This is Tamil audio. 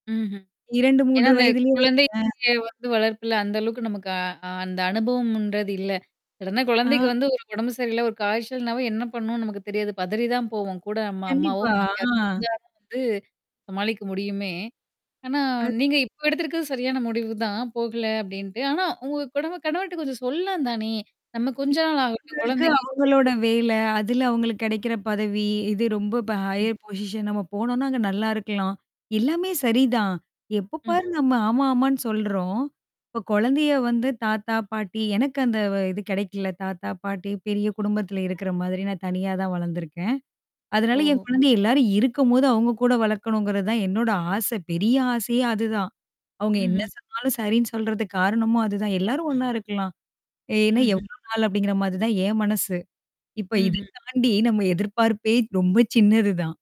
ம்ஹ்ம். இரண்டு, ஏன்னா, மூன்று அந்த வயதிலயே வருதுங்க கொழந்தைக்கே வந்து வளர்ப்புல அந்த அளவுக்கு நமக்கு அ அந்த அனுபவம்ன்றது இல்ல. சடனா குழந்தைக்கு ஆ. வந்து ஒரு உடம்பு சரியில்ல ஒரு காய்ச்சல்னாவும் என்ன பண்ணவும்னு நமக்கு தெரியாது. பதறி தான் போவோம். கூட நம்ம அம்மாவோ, கண்டிப்பா, மாமியாரோ ஆ. இருந்தா வந்து, சமாளிக்க முடியுமே. ஆனா அது நீங்க இப்போ எடுத்திருக்கிறது சரியான முடிவு தான். போகல அப்டின்ட்டு. ஆனா உங்க குடவ கணவர்ட்ட கொஞ்சம் சொல்லலாந்தானே! நம்ம ம். கொஞ்ச நாள் ஆகட்டும் இப்போதைக்கு கொழந்தைக்கு. அவங்களோட வேலை, அதுல அவங்களுக்கு கெடைக்கிற பதவி, இது ரொம்ப ப ம். ஹையர் பொசிஷன் நம்ம போனோனா, அங்க நல்லா இருக்கலாம். எல்லாமே சரிதான். எப்ப ம்ஹ்ம். பாரு நம்ம ஆமா, ஆமான்னு சொல்றோம். இப்ப கொழந்தைய வந்து தாத்தா, பாட்டி, எனக்கு அந்த இது கிடைக்கல. தாத்தா, பாட்டி, பெரிய குடும்பத்தில இருக்கிற மாதிரி நான் தனியா தான் வளர்ந்துருக்கேன். அதனால ஓஹோ! என் குழந்தைய எல்லாரும் இருக்கும்போது அவங்க கூட வளர்க்கணுங்கிறது தான் என்னோட ஆசை. பெரிய ஆசையே அதுதான். அவங்க என்ன ம்ஹ்ம். சொன்னாலும் சரின்னு சொல்றதுக்கு காரணமும் அதுதான். எல்லாரும் ஒண்ணா இருக்கலாம். ஏன்னா ம்ஹ்ம். எவ்ளோ நாள் அப்டிங்கிற மாரி தான் என் மனசு. இப்ப இத ம்ஹ்ம். தாண்டி நம்ம எதிர்பார்ப்பே ரொம்ப சின்னது தான்.